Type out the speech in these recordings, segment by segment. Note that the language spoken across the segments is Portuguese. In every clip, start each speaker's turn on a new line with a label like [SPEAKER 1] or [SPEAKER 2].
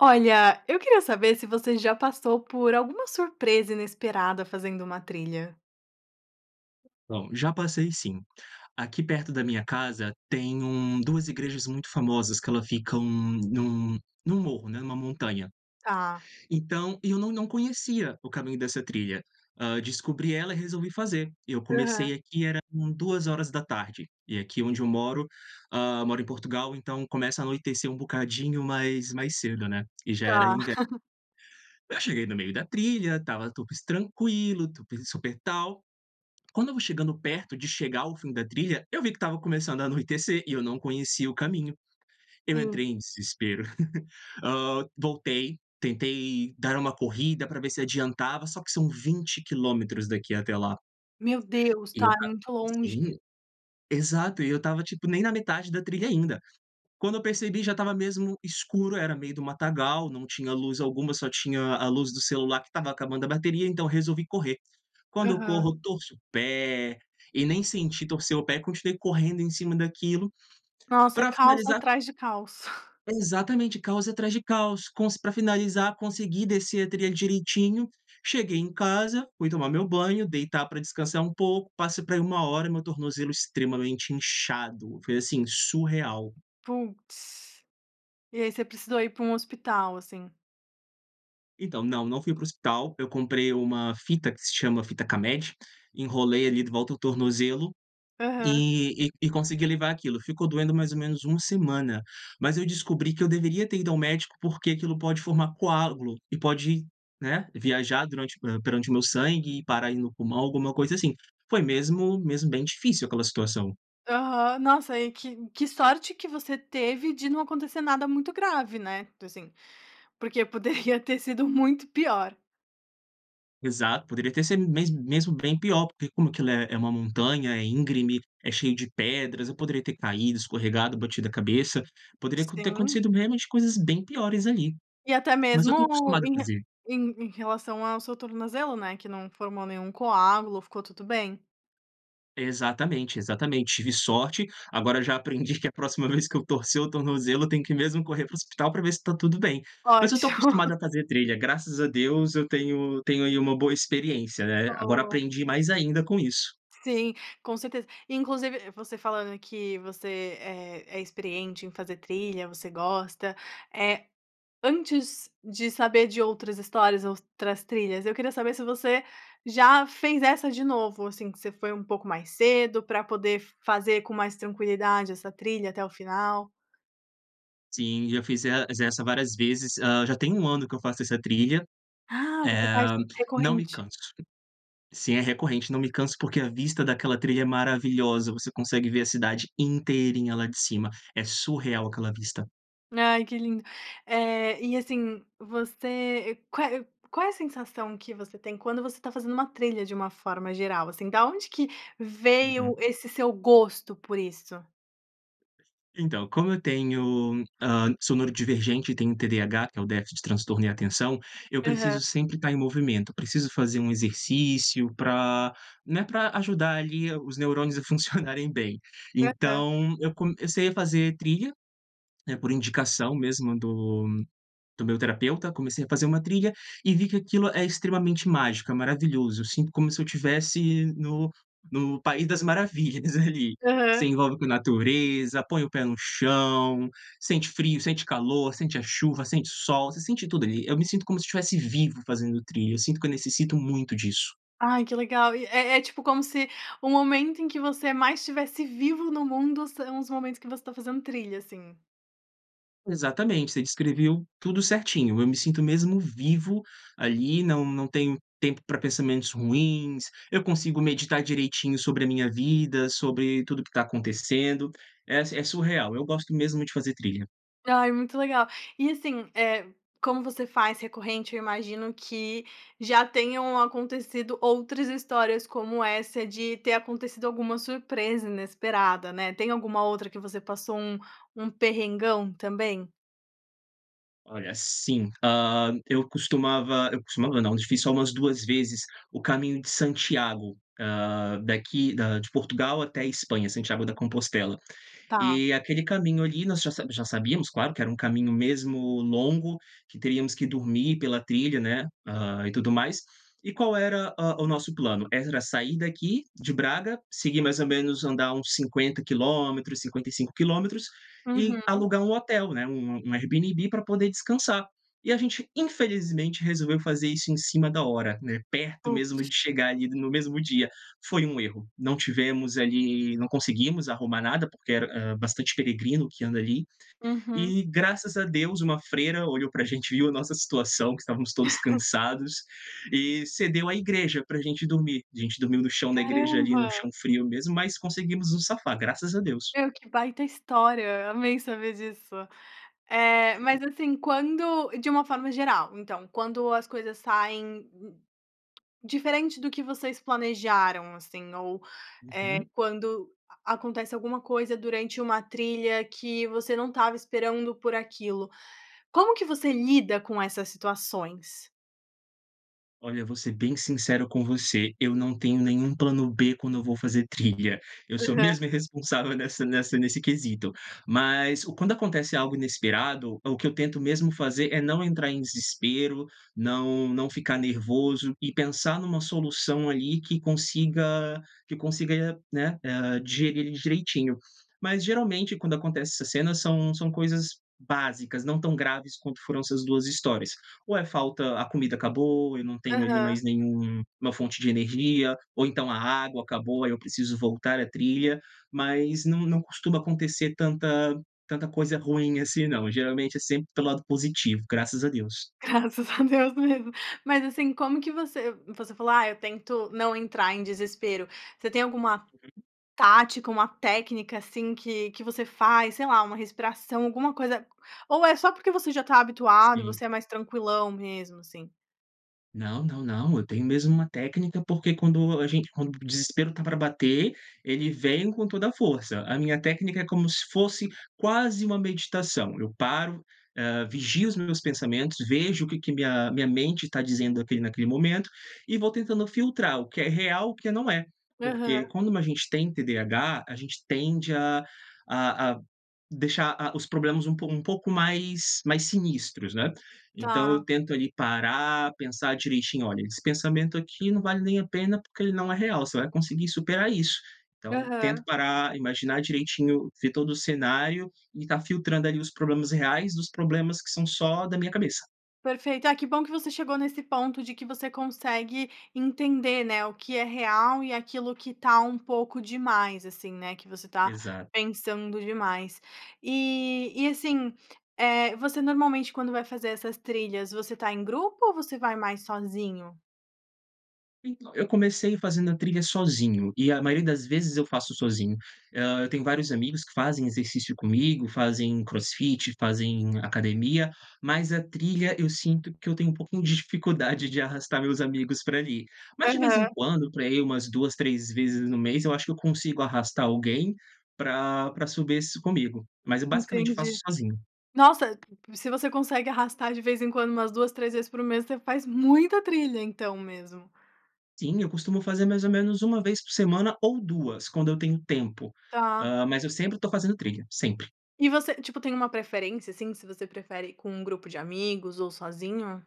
[SPEAKER 1] Olha, eu queria saber se você já passou por alguma surpresa inesperada fazendo uma trilha.
[SPEAKER 2] Então, já passei sim. Aqui perto da minha casa tem 1 2 igrejas muito famosas que ela ficam num num morro, né, numa montanha.
[SPEAKER 1] Tá.
[SPEAKER 2] Então, eu não não conhecia o caminho dessa trilha, hã, descobri ela e resolvi fazer. Eu comecei
[SPEAKER 1] Aham.
[SPEAKER 2] aqui, era com 2h e aqui onde eu moro, hã, moro em Portugal, então começa a anoitecer um bocadinho mais mais cedo, né, e já era
[SPEAKER 1] Tá.
[SPEAKER 2] inverno. Eu cheguei no meio da trilha, estava tudo es tranquilo, tu pe super tal, quando eu vou chegando perto de chegar ao fim da trilha, eu vi que estava começando a anoitecer e eu não conhecia o caminho. Eu
[SPEAKER 1] Sim.
[SPEAKER 2] entrei em desespero, hã, voltei, tentei dar uma corrida para ver se adiantava, só que são 20 quilômetros daqui até lá.
[SPEAKER 1] Meu Deus,
[SPEAKER 2] E
[SPEAKER 1] está
[SPEAKER 2] eu tava
[SPEAKER 1] muito longe.
[SPEAKER 2] sim. Exato, e eu estava tipo nem na metade da trilha ainda. Quando eu percebi já estava mesmo escuro, era meio do matagal, não tinha luz alguma só tinha a luz do celular que estava acabando a bateria então resolvi correr. Quando eu
[SPEAKER 1] Aham.
[SPEAKER 2] corro torço o pé e nem senti torcer o pé, continuei correndo em cima daquilo
[SPEAKER 1] Nossa,
[SPEAKER 2] para
[SPEAKER 1] caos
[SPEAKER 2] finalizar
[SPEAKER 1] atrás de caos.
[SPEAKER 2] Exatamente, caos atrás de caos. Com se para finalizar, consegui descer a trilha direitinho, cheguei em casa, fui tomar meu banho, deitar para descansar um pouco, passa por aí 1h hora e meu tornozelo extremamente inchado, foi assim, surreal.
[SPEAKER 1] Putz. E aí você precisou ir para um hospital assim?
[SPEAKER 2] Então não, não fui para o hospital, eu comprei uma fita que se chama fita K-med, enrolei ali de volta ao tornozelo
[SPEAKER 1] Aham.
[SPEAKER 2] e e consegui levar aquilo. Ficou doendo mais ou menos 1 semana, mas eu descobri que eu deveria ter ido ao médico, porque aquilo pode formar coágulo e pode, né, viajar durante perante o meu sangue e parar ai no pulmão, alguma coisa assim. Foi mesmo mesmo bem difícil aquela situação.
[SPEAKER 1] Aham. Nossa e que que sorte que você teve de não acontecer nada muito grave, né, assim, porque poderia ter sido muito pior.
[SPEAKER 2] Exato, poderia até ser mes mesmo bem pior, porque como que lá é é uma montanha, é íngreme, é cheio de pedras, eu poderia ter caído, escorregado, batido a cabeça. Poderia aco ter
[SPEAKER 1] Sim.
[SPEAKER 2] acontecido mesmo de coisas bem piores ali.
[SPEAKER 1] E até
[SPEAKER 2] Mas eu
[SPEAKER 1] mesmo
[SPEAKER 2] estou acostumado a
[SPEAKER 1] em re
[SPEAKER 2] fazer.
[SPEAKER 1] em relação ao seu tornozelo, né, que não formou nenhum coágulo, ficou tudo bem.
[SPEAKER 2] Exatamente, exatamente, tive sorte. Agora eu já aprendi que, na próxima vez que eu torcer o tornozelo, eu tenho que mesmo correr para o hospital pra ver se tá tudo bem. Mas eu estou
[SPEAKER 1] Ótimo!
[SPEAKER 2] acostumado a fazer trilha, graças a Deus, eu tenho eu tenho aí uma boa experiência, né. Agora
[SPEAKER 1] Boa.
[SPEAKER 2] aprendi mais ainda com isso.
[SPEAKER 1] Sim, com certeza. Inclusive você falando, que você é é experiente em fazer trilha, você gosta, eh, antes de saber de outras histórias, outras trilhas, eu queria saber se você já fez essa de novo? Assim, que você foi pouco mais cedo para poder fazer com mais tranquilidade essa trilha até o final?
[SPEAKER 2] Sim, eu fiz es essa várias vezes, hã, já tem 1 ano que eu faço essa trilha,
[SPEAKER 1] Ah, você faz
[SPEAKER 2] eh, não me
[SPEAKER 1] recorrente.
[SPEAKER 2] canso. Sim, é recorrente, não me canso, porque a vista daquela trilha é maravilhosa. Você consegue ver a cidade inteirinha lá de cima. É surreal aquela vista.
[SPEAKER 1] Ai, que lindo, eh, e assim, você, qual é qual é a sensação que você tem quando você está fazendo uma trilha de uma forma geral assim, da onde que veio
[SPEAKER 2] Uhum.
[SPEAKER 1] esse seu gosto por isso?
[SPEAKER 2] Então, como eu tenho hã, sou neurodivergente e tenho TDAH, que é o déficit de transtorno em atenção, eu
[SPEAKER 1] Aham.
[SPEAKER 2] preciso sempre estar em movimento, preciso fazer um exercício para né, para ajudar ali os neurônios a funcionarem bem.
[SPEAKER 1] Aham.
[SPEAKER 2] Então eu comecei a fazer trilha, né, por indicação mesmo do do meu terapeuta, comecei a fazer uma trilha e vi que aquilo é extremamente mágico, é maravilhoso, eu sinto como se eu estivesse no no país das maravilhas ali, se
[SPEAKER 1] Aham.
[SPEAKER 2] envolve com a natureza, põe o pé no chão, sente frio, sente calor, sente a chuva, sente o sol, você sente tudo ali, eu me sinto como se estivesse vivo fazendo trilha, eu sinto que eu necessito muito disso.
[SPEAKER 1] Ai, que legal e é é tipo como se o momento em que você mais estivesse vivo no mundo, são os momentos que você está fazendo trilha assim.
[SPEAKER 2] Exatamente, você descreveu tudo certinho. Eu me sinto mesmo vivo ali, não não tenho tempo para pensamentos ruins, eu consigo meditar direitinho sobre a minha vida, sobre tudo o que está acontecendo, é é surreal, eu gosto mesmo de fazer trilha.
[SPEAKER 1] Ai, muito legal. E assim, eh, como você faz recorrente, eu imagino que já tenham acontecido outras histórias como essa, de ter acontecido alguma surpresa inesperada, né. Tem alguma outra que você passou, um um perrengão também?
[SPEAKER 2] Olha assim, ah, eu costumava eu costumava não, eu fiz só umas 2 vezes o caminho de Santiago, ah, daqui da de Portugal até Espanha, Santiago da Compostela.
[SPEAKER 1] Tá.
[SPEAKER 2] E aquele caminho ali nós já sa já sabíamos, claro, que era um caminho mesmo longo, que teríamos que dormir pela trilha, né, ah, e tudo mais. E qual era, ah, o nosso plano? Era sair daqui de Braga, seguir mais ou menos andar uns 50 quilômetros, 55 quilômetros e
[SPEAKER 1] Uhum.
[SPEAKER 2] alugar um hotel, né, um um Airbnb para poder descansar. E a gente infelizmente resolveu fazer isso em cima da hora, né, perto mesmo de
[SPEAKER 1] Putz.
[SPEAKER 2] chegar ali no mesmo dia, foi um erro. Não tivemos ali, não conseguimos arrumar nada, porque era bastante peregrino que anda ali
[SPEAKER 1] Uhum.
[SPEAKER 2] e, graças a Deus, uma freira olhou para gente, viu a nossa situação, que estávamos todos cansados e cedeu a igreja para gente dormir. A gente dormiu no chão da igreja, ali no
[SPEAKER 1] Caramba.
[SPEAKER 2] chão frio mesmo, mas conseguimos nos safar, graças a Deus.
[SPEAKER 1] Meu, que baita história. Amei saber disso. Eh, mas assim, quando de uma forma geral, então, quando as coisas saem diferente do que vocês planejaram assim ou, eh,
[SPEAKER 2] Uhum.
[SPEAKER 1] quando a acontece alguma coisa durante uma trilha que você não estava esperando por aquilo, como que você lida com essas situações?
[SPEAKER 2] Olha, vou ser bem sincero com você, eu não tenho nenhum plano b quando eu vou fazer trilha, eu sou
[SPEAKER 1] Aham.
[SPEAKER 2] mesmo irresponsável nessa nessa nesse quesito. Mas o quando acontece algo inesperado, o que eu tento mesmo fazer é não entrar em desespero, não não ficar nervoso e pensar numa solução ali que consiga que consiga, né, eh, digerir direitinho. Mas geralmente quando acontece essas cenas são são coisas básicas, não tão graves quanto foram essas 2 histórias, ou é falta a comida acabou, eu não tenho ali
[SPEAKER 1] Aham.
[SPEAKER 2] mais nenhum uma fonte de energia ou então a água acabou, aí eu preciso voltar a trilha, mas não não costuma acontecer tanta tanta coisa ruim assim não. Geralmente é sempre pelo lado positivo, graças a Deus.
[SPEAKER 1] Graças a Deus mesmo. Mas assim, como que você você falou: "Ah, eu tento não entrar em desespero.", você tem alguma
[SPEAKER 2] Uhum.
[SPEAKER 1] tática, uma técnica assim, que que você faz, sei lá, uma respiração, alguma coisa ou é só porque você já está habituado e
[SPEAKER 2] Sim.
[SPEAKER 1] você é mais tranquilão, mesmo assim?
[SPEAKER 2] Não, não, não, eu tenho mesmo uma técnica, porque quando a gente quando o desespero tá pra bater, ele vem com toda a força. A minha técnica é como se fosse quase uma meditação, eu paro hã, vigio os meus pensamentos, vejo o que que minha minha mente está dizendo aqui naquele momento e vou tentando filtrar o que é real e o que não é.
[SPEAKER 1] Aham.
[SPEAKER 2] Porque quando a gente tem TDAH, a gente tende a a a deixar, ah, os problemas um pouco um pouco mais, mais sinistros, né. Então, eu
[SPEAKER 1] Tá.
[SPEAKER 2] tento ali parar, pensar direitinho: "Olha, esse pensamento aqui não vale nem a pena, porque ele não é real.", você vai conseguir superar isso. Então tento
[SPEAKER 1] Aham.
[SPEAKER 2] parar, imaginar direitinho, ver todo o cenário, e estar filtrando ali os problemas reais dos problemas que são só da minha cabeça.
[SPEAKER 1] Perfeito, ah, que bom que você chegou nesse ponto de que você consegue entender, né, o que é real e aquilo que está um pouco demais assim, né, que você tá
[SPEAKER 2] Exato.
[SPEAKER 1] pensando demais. E e assim, eh, você normalmente quando vai fazer essas trilhas, você está em grupo ou você vai mais sozinho?
[SPEAKER 2] Então, eu comecei fazendo a trilha sozinho e a maioria das vezes eu faço sozinho. Hã, eu tenho vários amigos que fazem exercício comigo, fazem crossfit, fazem academia, mas a trilha eu sinto que eu tenho um pouquinho de dificuldade de arrastar meus amigos pra ali. Mas de vez em
[SPEAKER 1] Aham.
[SPEAKER 2] quando, pra ir umas 2, 3 vezes no mês, eu acho que eu consigo arrastar alguém para para subir isso comigo, mas eu basicamente faço
[SPEAKER 1] Entendi.
[SPEAKER 2] sozinho.
[SPEAKER 1] Nossa, se você consegue arrastar de vez em quando umas 2, 3 vezes por mês, você faz muita trilha então mesmo.
[SPEAKER 2] Sim, eu costumo fazer mais ou menos 1 vez por semana ou 2, quando eu tenho tempo,
[SPEAKER 1] Tá.
[SPEAKER 2] hã, mas eu sempre tô fazendo trilha, sempre.
[SPEAKER 1] E você tipo tem uma preferência assim se você prefere com um grupo de amigos ou sozinho?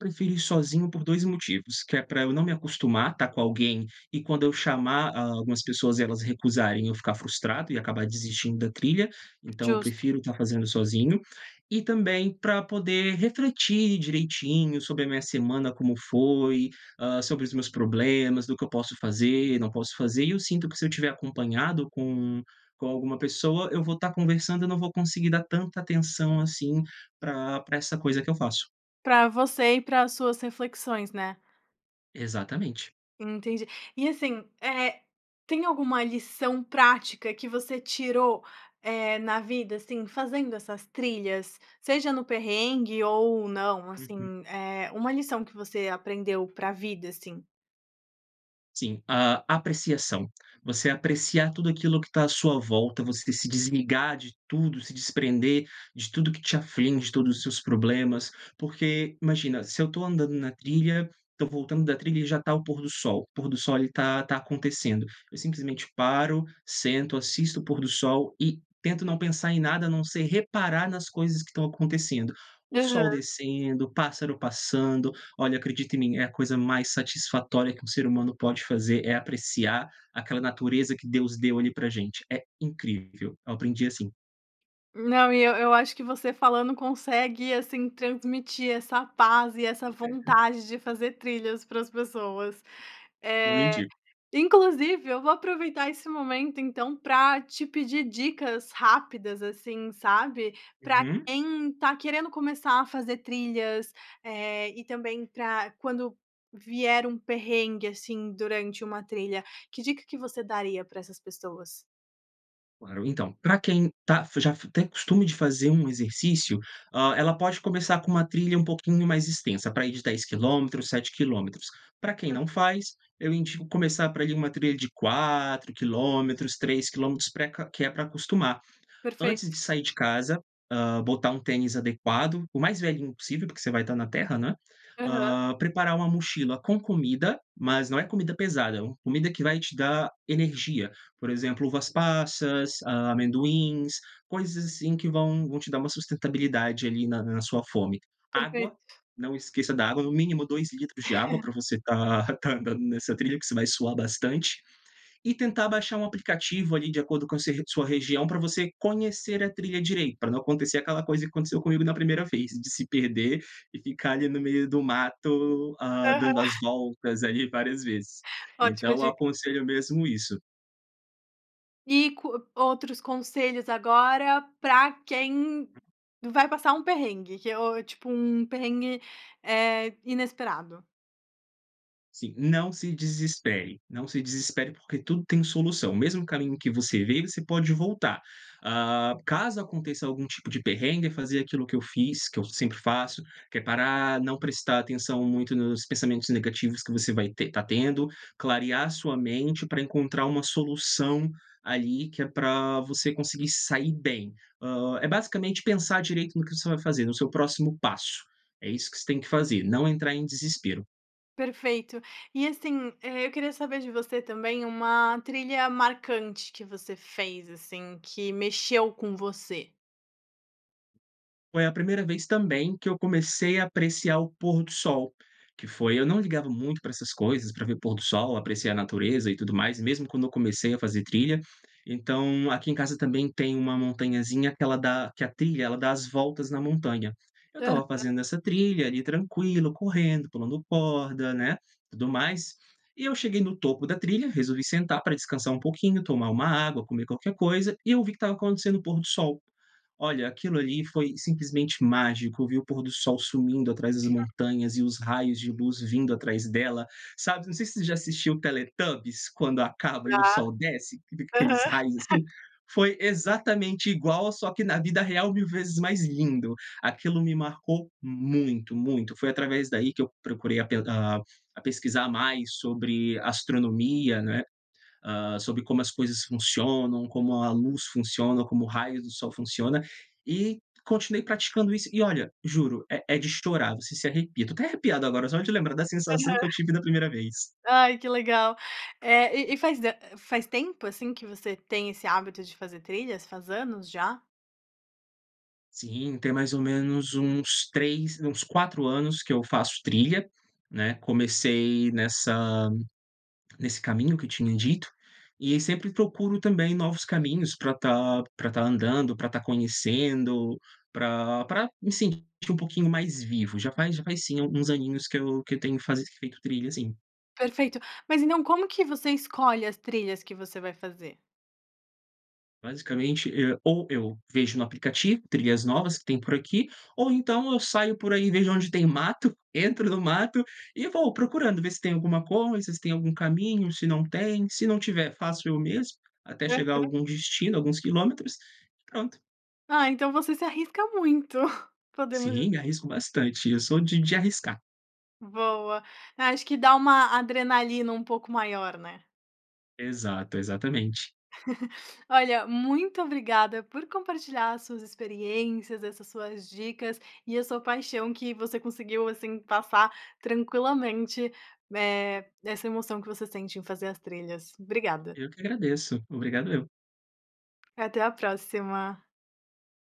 [SPEAKER 2] Prefiro ir sozinho por 2 motivos, que é pra eu não me acostumar tá com alguém e quando eu chamar, hã, algumas pessoas elas recusarem eu ficar frustrado e acabar desistindo da trilha, então eu
[SPEAKER 1] Justo.
[SPEAKER 2] prefiro tá fazendo sozinho. E também para poder refletir direitinho sobre a minha semana, como foi, hã, sobre os meus problemas, do que eu posso fazer, não posso fazer e eu sinto que se eu estiver acompanhado com com alguma pessoa eu vou tá conversando e eu não vou conseguir dar tanta atenção assim para para essa coisa que eu faço.
[SPEAKER 1] Pra você e para as suas reflexões, né.
[SPEAKER 2] Exatamente.
[SPEAKER 1] Entendi e assim, eh, tem alguma lição prática que você tirou, eh, na vida assim, fazendo essas trilhas? Seja no perrengue ou não,
[SPEAKER 2] Uhum.
[SPEAKER 1] assim, eh, uma lição que você aprendeu para vida assim?
[SPEAKER 2] Sim, hã, apreciação, você apreciar tudo aquilo que está à sua volta, você se desligar de tudo, se desprender de tudo o que te aflige, de todos os seus problemas. Porque, imagina, se eu estou andando na trilha, estou voltando da trilha e já está o pôr do sol, o pôr do sol ali está está acontecendo, eu simplesmente paro, sento, assisto o pôr do sol e tento não pensar em nada, a não ser reparar nas coisas que estão acontecendo: o sol
[SPEAKER 1] Aham.
[SPEAKER 2] descendo, o pássaro passando. Olha, acredite em mim, é a coisa mais satisfatória que um ser humano pode fazer, é apreciar aquela natureza que Deus deu ali para a gente. É incrível, eu aprendi assim.
[SPEAKER 1] Não, e eu eu acho que você falando consegue assim transmitir essa paz e essa
[SPEAKER 2] [unintelligible]
[SPEAKER 1] vontade de fazer trilhas para as pessoas,
[SPEAKER 2] Eu
[SPEAKER 1] eh,
[SPEAKER 2] indico.
[SPEAKER 1] inclusive, eu vou aproveitar esse momento então para te pedir dicas rápidas assim, sabe, para
[SPEAKER 2] Uhum.
[SPEAKER 1] quem está querendo começar a fazer trilhas, eh, e também para quando vier um perrengue assim durante uma trilha, que dica que você daria para essas pessoas?
[SPEAKER 2] Claro, então, pra quem tá f já tem costume de fazer um exercício, hã, ela pode começar com uma trilha um pouquinho mais extensa, praia de 10 quilômetros, 7 quilômetros. Pra quem não faz, eu indico começar pra ali uma trilha de 4 quilômetros, 3 quilômetros, pra que que é pra acostumar. Antes de
[SPEAKER 1] Perfeito.
[SPEAKER 2] sair de casa, hã, botar um tênis adequado. O mais velhinho possível, porque você vai tá na terra, não é.
[SPEAKER 1] Aham.
[SPEAKER 2] Hã. Preparar uma mochila com comida, mas não é comida pesada, é uma comida que vai te dar energia, por exemplo, uvas passas, a amendoins, coisas assim que vão vão te dar uma sustentabilidade ali na na sua fome. Água,
[SPEAKER 1] Perfeito.
[SPEAKER 2] não esqueça da água, no mínimo 2 litros de água pra você tá tá andando nessa trilha, que você vai suar bastante, e tentar baixar um aplicativo ali de acordo com se sua região, pra você conhecer a trilha direito. Pra não acontecer aquela coisa que aconteceu comigo na 1ª vez, de se perder e ficar ali no meio do mato, hã,
[SPEAKER 1] Aham.
[SPEAKER 2] dando as voltas ali várias vezes.
[SPEAKER 1] Ótima
[SPEAKER 2] Então
[SPEAKER 1] dica.
[SPEAKER 2] aconselho mesmo isso.
[SPEAKER 1] E co outros conselhos agora pra quem vai passar um perrengue, que eu tipo um perrengue, eh, inesperado.
[SPEAKER 2] Sim, não se desespere, não se desespere, porque tudo tem solução. O mesmo caminho que você veio, você pode voltar, hã. Caso aconteça algum tipo de perrengue, fazer aquilo que eu fiz, que eu sempre faço, que é parar, não prestar atenção muito nos pensamentos negativos que você vai ter está tendo, clarear sua mente pra encontrar uma solução ali, que é pra você conseguir se sair bem. Hã, é basicamente pensar direito no que você vai fazer, no seu próximo passo. É isso que você tem que fazer, não entrar em desespero.
[SPEAKER 1] Perfeito e assim, é eu queria saber de você também uma trilha marcante que você fez, assim, que mexeu com você.
[SPEAKER 2] Foi a primeira vez também que eu comecei a apreciar o pôr do sol, que foi eu não ligava muito pra essas coisas, pra ver pôr do sol, apreciar a natureza e tudo mais, mesmo quando eu comecei a fazer trilha. Então, aqui em casa também tem uma montanhazinha que ela dá que a trilha, ela dá as voltas na montanha. Eu estava
[SPEAKER 1] Aham.
[SPEAKER 2] fazendo essa trilha ali, tranquilo, correndo, pulando corda, né, tudo mais. E eu cheguei no topo da trilha, resolvi sentar pra descansar pouquinho, tomar uma água, comer qualquer coisa, e eu vi que estava acontecendo o pôr do sol. Olha, aquilo ali foi simplesmente mágico. Eu vi o pôr do sol sumindo atrás das
[SPEAKER 1] [unintelligible]
[SPEAKER 2] montanhas e os raios de luz vindo atrás dela, sabe. Eu não sei se você já assistiu o Teletubes, quando acaba e
[SPEAKER 1] Tá,
[SPEAKER 2] o sol desce, fica aqueles
[SPEAKER 1] aham.
[SPEAKER 2] raios assim. Foi exatamente igual, só que na vida real, 1000 vezes mais lindo. Aquilo me marcou muito, muito. Foi através daí que eu procurei a a pesquisar mais sobre astronomia, né, hã, sobre como as coisas funcionam, como a luz funciona, como o raio do sol funciona, e continuei praticando isso. E olha, juro, é é de chorar. Você se arrepia. Estou até arrepiado agora, só de lembrar da
[SPEAKER 1] Aham,
[SPEAKER 2] sensação que eu tive na primeira vez.
[SPEAKER 1] ai que legal, eh, e faz faz tempo assim que você tem esse hábito de fazer trilhas, faz anos já?
[SPEAKER 2] Sim, tem mais ou menos uns 3, uns 4 anos que eu faço trilha, né. Comecei nessa nesse caminho que tinha dito, e sempre procuro também novos caminhos pra tá pra tá andando, pra tá conhecendo, pra pra me sentir um pouquinho mais vivo, já faz já faz sim alguns aninhos que eu que eu tenho que fase feito trilha sim.
[SPEAKER 1] Perfeito. Mas e não como que você escolhe as trilhas que você vai fazer?
[SPEAKER 2] Basicamente, eh, ou eu vejo no aplicativo trilhas novas que tem por aqui. Ou então eu saio por aí e vejo onde tem mato, entro no mato e vou procurando. Vê se tem alguma coisa, se tem algum caminho, se não tem, se não tiver, faço eu mesmo, até chegar a
[SPEAKER 1] Aham.
[SPEAKER 2] algum destino, alguns quilômetros, e pronto.
[SPEAKER 1] Ah, então você se arrisca muito, podemos dizer.
[SPEAKER 2] Sim, me arrisco bastante, eu sou de de arriscar.
[SPEAKER 1] Boa, acho que dá uma adrenalina um pouco maior, né.
[SPEAKER 2] Exato, exatamente.
[SPEAKER 1] Olha, muito obrigada por compartilhar suas experiências, essas suas dicas, e a sua paixão que você conseguiu assim, passar tranquilamente, eh, essa emoção que você sente em fazer as trilhas, obrigada.
[SPEAKER 2] Eu que agradeço, obrigado eu.
[SPEAKER 1] Até a próxima.